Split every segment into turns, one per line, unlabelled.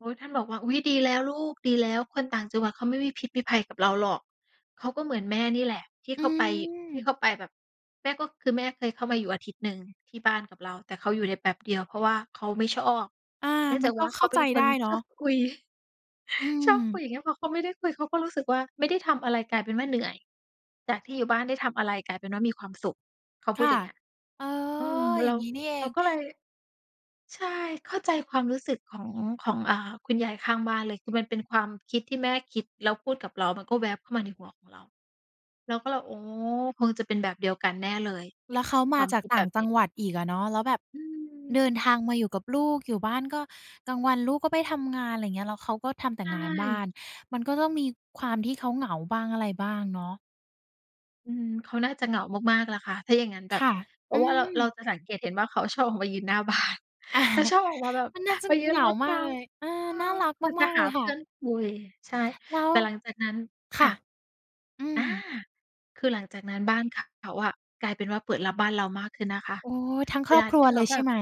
โอ้ ท่านบอกว่า "อุ๊ย ดีแล้วลูก ดีแล้ว คนต่างจังหวัดเขาไม่มีพิษมีภัยกับเราหรอก เขาก็เหมือนแม่นี่แหละ" ที่
อื
เขาไป ที่เ
ม
ขาไปแบบ แม่ก็ คือแม่เคยเข้ามาอยู่อาทิตย์หนึ่งที่บ้านกับเรา แต่เขาอยู่ได้แป๊บเดียว เพราะว่าเขาไม่ชอบ
อา
เนื่อง
มั
จา
น
ก
ก
ว
็
่า
เข
เข
้
า
า
เป
ใ
็
จ
นค
ได้
น
เนา
ชอ
ะ
บคุย
อื
ชอบคุ
ม
ย อย่างเงี้ย พอเขาไม่ได้คุยเขาก็รู้สึกว่า "ไม่ได้ทำอะไรกลายเป็นว่า เหนื่อย จากที่อยู่บ้านได้ทำอะไรกลายเป็นว่า มีความสุข" เขา
ค
พูด
่ะ
อย่างเงี้ย
เออ
เอ่อ
อย
เ
่
ร
าง
า
งี้นี่เอ
เรา
ง
ก็เลย ใช่ เข้าใจความรู้สึกของ ของ อ่า คุณยายข้างบ้านเลย คือมันเป็นความคิด ที่แม่คิดแล้วพูดกับเรา มันก็แว็บเข้ามาในหัวของเรา เราก็เลย อ๋อ คงจะเป็นแบบเดียวกันแน่เลย
แล้วเขา
ค
มา
วาม
จา
ค
ก
ิด
ต
แ
่
บ
าง
บ
จ
นี
ัง
้
หวัดอีกอะเนาะ แล้วแบบ
อื
เ
ม
ดินทางมาอยู่กับลูก อยู่บ้านก็กลางวันลูกก็ไปทำงาน อะไรอย่างเงี้ย แล้วเขาก็ทำแต่
ใ
งานบ้า
ช่
น มันก็ต้องมีความที่เขาเหงาบ้างอะไรบ้างเนาะ
อืม เขาน่าจะเหงามาก ๆ ล่ะค่ะ ถ้าอย่างงั้นแบ
ค
บ
่ะ
เพร
อื
าะว่าเรา เรา
ม
จะสังเกตเห็นว่า เขาชอบออกมายืนหน้า บ้าน แล้วชอบออกมาแบบ
มันน่าจะ
มายื
เห
น
งา
รด
มา
น
ก
้
เลย
ำ
เออ
เอ่
น่า
อ
รัก
คงจ
ม
ะ
าก ๆ
ห
เล
า
ย
เ
ค
พ
่
ื่
ะ
อนคุย ใช่
แล้ว
แต่หลังจากนั้น
ค
ค
่
่
ะ
ะ
อื
อ่า
ม
คือหลังจากนั้นบ้านเขาอะ กลายเป็นว่า เปิดรับบ้านเรามากขึ้นนะคะ
โอ้ ทั้ง
เ
ค
ว
รอ
ล
บ
า
คร
ท
ั
ี
ว
่เข
เล
า
ย
แ
ใ
บ
ช่
บ
ไหม?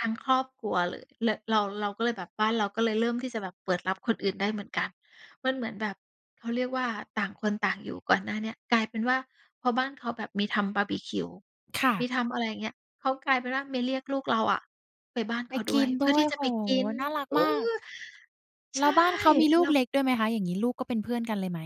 ทั้งครอบครัวเลย ร เรา เราก็เลยแบบบ้านเรา ก็เลยเริ่มที่จะแบบเปิดรับคนอื่นได้เหมือนกัน มันเหมือนแบบเขาเรียกว่า ต่างคนต่างอยู่ก่อนหน้าเนี้ยกลายเป็นว่า พอบ้านเขาแบบมีทำบาร์บีคิว
ค่
มี
ะ
ทำ อะไรอย่างเงี้ย เขากลายเป็นว่า มาเรียกลูกเราอะไปบ้าน
ไ
เ
ป
ขา
ก
ด้ว
ิ
ย
น
เพ
ด
ื่อ
้ว
ท
ย
ี่จะ
โอ
ไ
้
ป
โฮ!
กิน
น่ารัก
เออ
มาก
ใ
แล
ช
้ว
่
บ้านเขามีลู
เร
ก
า
เล็กด้วยไหมคะ อย่างงี้ ลูกก็เป็นเพื่อนกันเลยไหม?